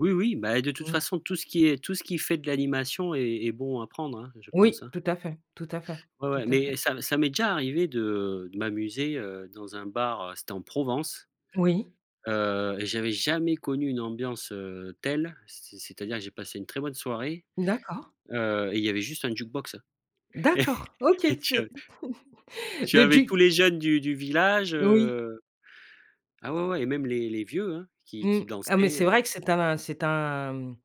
Oui, oui, bah et de toute Mmh. façon, tout ce qui est tout ce qui fait de l'animation est est bon à prendre, hein, je pense, Oui, hein. tout à fait, tout à fait, Ouais, tout ouais à mais fait. ça ça m'est déjà arrivé de de m'amuser, heu, dans un bar, heu, c'était en Provence, Oui. heu et j'avais jamais connu une ambiance, heu, telle. C'est c'est-à-dire j'ai passé une très bonne soirée, D'accord. heu et il y avait juste un jukebox D'accord, OK, et et tu a c'est tu le avais tous juk les jeunes du du village, Oui. heu ah, ouais, ouais et même les les vieux, hein, qui Mmh. qui Ah, mais dansaient, c'est heu vrai que c'est un c'est un, mmh,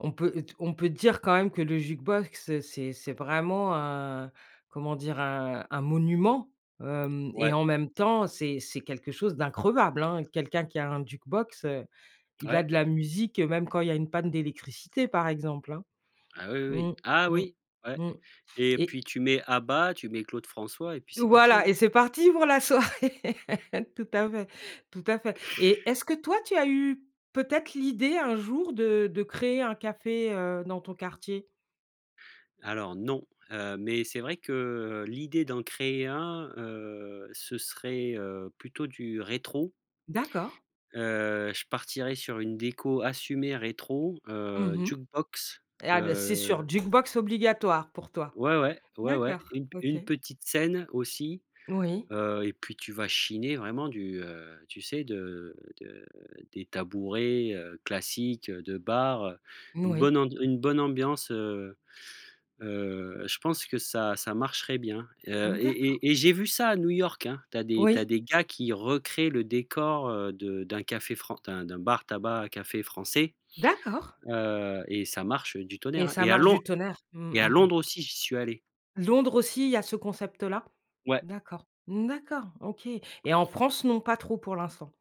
on peut d on peut dire, quand même, que le jukebox, c'est c'est vraiment un comment dire? Un un monument, hem et Ouais. en même temps, c'est c'est quelque chose d'increvable, hein. Quelqu'un qui a un jukebox, heu, il a Ouais. de la musique, heu, même quand il y a une panne d'électricité, par exemple, hein. Ah, oui, Mmh, oui. Ah, mmh, oui, ouais mmh et et puis tu mets ABBA, tu mets Claude François et puis c'est parti, Voilà hein. et c'est parti pour la soirée. Tout à fait, tout à fait et est-ce que, toi, tu as eue peut-être, l'idée, un jour, de de créer un café, heu, dans ton quartier? Alors, non, heu, mais c'est vrai que l'idée d'en créer un, heu, ce serait, heu, plutôt du rétro. D'accord. Heu, je partirais sur une déco assumée rétro, heu, Mmh mh. jukebox, Ah bah c'est sûr, heu jukebox obligatoire pour toi. Ouais, ouais. Ouais, ouais, D'accord, une p OK. une petite scène, aussi, Oui. heu et puis tu vas chiner vraiment du, heu, tu sais, de de des tabourets, heu, classiques, heu, de bar, heu, N une bonne oui. and une bonne ambiance. Heu heu, je pense que ça, ça marcherait bien, heu Mmh, et et d'accord. et et j'ai vu ça à New York, hein. Tu as des tu as Oui. des gars qui recréent le décor, heu, de d'un café fran d'un d'un bar-tabac, café français, D'accord. heu et ça marche, heu, du Et tonnerre, hein ça et à marche Lond du tonnerre? Mmh, et à mmh mh. Londres, aussi, j'y suis allé. Londres aussi, il y a ce concept-là? Ouais. D'accord, mmh, d'accord, OK et en France, non, pas trop pour l'instant?